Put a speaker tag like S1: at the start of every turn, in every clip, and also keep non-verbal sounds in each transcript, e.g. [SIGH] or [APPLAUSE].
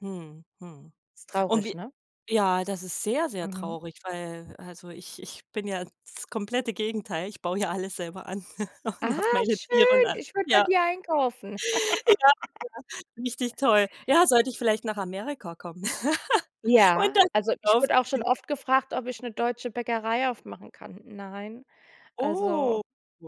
S1: Hm, hm.
S2: Ist
S1: Und
S2: traurig,
S1: wie
S2: ne?
S1: ja, das ist sehr, sehr
S2: Mhm.
S1: traurig, weil also, ich ich bin ja das komplette Gegenteil. Ich baue ja alles selber an [LAUGHS] und
S2: Ah,
S1: hab meine Tiere und
S2: schön,
S1: a
S2: ich würde bei
S1: Ja.
S2: dir einkaufen.
S1: Ja,
S2: [LAUGHS]
S1: ja, richtig toll. Ja, sollte ich vielleicht nach Amerika kommen [LAUGHS] und
S2: Ja,
S1: dann
S2: also
S1: groß
S2: ich wurde auch schon
S1: aufziehen.
S2: oft gefragt, ob ich 'ne deutsche Bäckerei aufmachen kann. Nein,
S1: Oh,
S2: also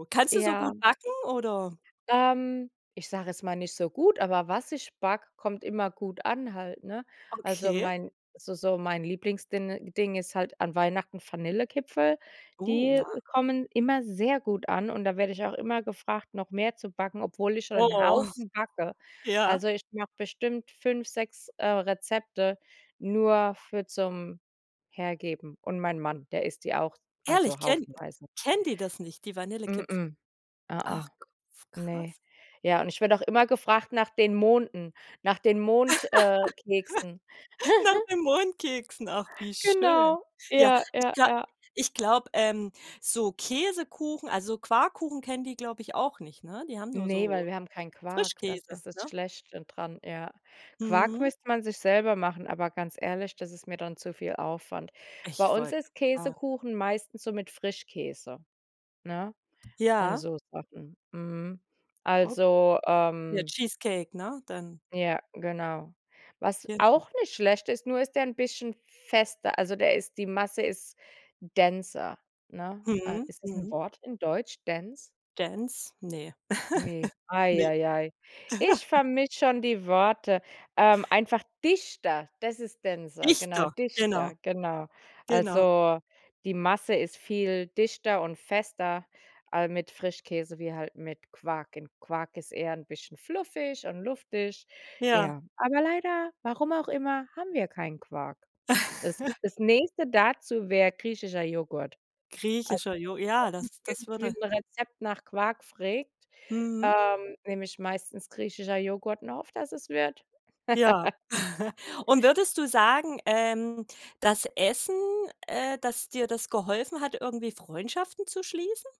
S1: kannst du so
S2: Ja.
S1: gut backen? Oder
S2: Ähm, ich sage jetzt mal nicht so gut, aber was ich backe, kommt immer gut an halt, ne? Also,
S1: Okay.
S2: mein so so mein Lieblingsdinn ding ist halt an Weihnachten Vanillekipferl.
S1: Oh,
S2: Die
S1: ja.
S2: kommen immer sehr gut an, und da werde ich auch immer gefragt, noch mehr zu backen, obwohl ich schon 'n
S1: Oh.
S2: Haufen backe.
S1: Ja.
S2: Also, ich mache bestimmt 5, 6, äh, Rezepte nur für zum Hergeben. Und mein Mann, der isst die auch,
S1: Ehrlich,
S2: also
S1: kennen
S2: haufenweise.
S1: kennen die das nicht, die Vanillekipferl?
S2: M-m. Ä-ä.
S1: Ach f
S2: Ne.
S1: krass.
S2: Ja, und ich werde auch immer gefragt nach den Monden, nach den Mond äh, keksen.
S1: [LAUGHS] Nach
S2: [GIGGLES]
S1: den Mondkeksen, ach wie schön.
S2: Genau,
S1: Ja,
S2: ja,
S1: ich
S2: ja,
S1: gla
S2: ja.
S1: ich glaube, ähm, so Käsekuchen, also Quarkkuchen, kennen die, glaube ich, auch nicht, ne? Die haben nur
S2: Ne, weil
S1: so
S2: wir haben keinen Quark. Das
S1: Frischkäse,
S2: ist das
S1: ne?
S2: Schlechte dran. Ja. Quark
S1: Mhm.
S2: müsste man sich selber machen, aber ganz ehrlich, das ist mir dann zu viel Aufwand. Bei
S1: Ich
S2: uns
S1: wollt
S2: ist
S1: fra
S2: Käsekuchen meistens so mit Frischkäse, ne, und
S1: Ja.
S2: so Sachen. Mhm.
S1: O
S2: Also,
S1: Ja,
S2: ähm
S1: Cheesecake, ne, dann?
S2: Ja, genau. Was
S1: Genau.
S2: auch nicht schlecht ist, nur ist der 'n bisschen fester. Also, der ist die Masse ist denser, ne? A
S1: Mhm.
S2: Ist das 'n
S1: Mhm.
S2: Wort in Deutsch? Dense?
S1: Dense? Ne.
S2: Ne,
S1: [LAUGHS]
S2: ei
S1: Ne.
S2: ei ei. Ich
S1: [LAUGHS]
S2: vermische schon die Wörter. Ähm, einfach dichter. Das ist denser, genau,
S1: Dichter, genau.
S2: dichter, genau.
S1: Genau.
S2: Also, die Masse ist viel dichter und fester al mit Frischkäse wie halt mit Quark. Und Quark ist eher 'n bisschen fluffig und luftig.
S1: Ja.
S2: Ja, aber leider- warum auch immer- haben wir keinen Quark. Das
S1: [LAUGHS]
S2: das Nächste dazu wär griechischer Joghurt. Also,
S1: Griechischer Jo ja,
S2: wenn
S1: das
S2: bei
S1: das
S2: uns irgendwie
S1: würde
S2: 'n Rezept nach Quark frägt,
S1: Mhm.
S2: ähm, nehme ich meistens griechischer Joghurt, und hoffe, dass es wird.
S1: Ja.
S2: [LAUGHS]
S1: [LAUGHS] Und würdest du sagen, ähm, dass Essen äh, dass dir das geholfen hat, irgendwie Freundschaften zu schließen?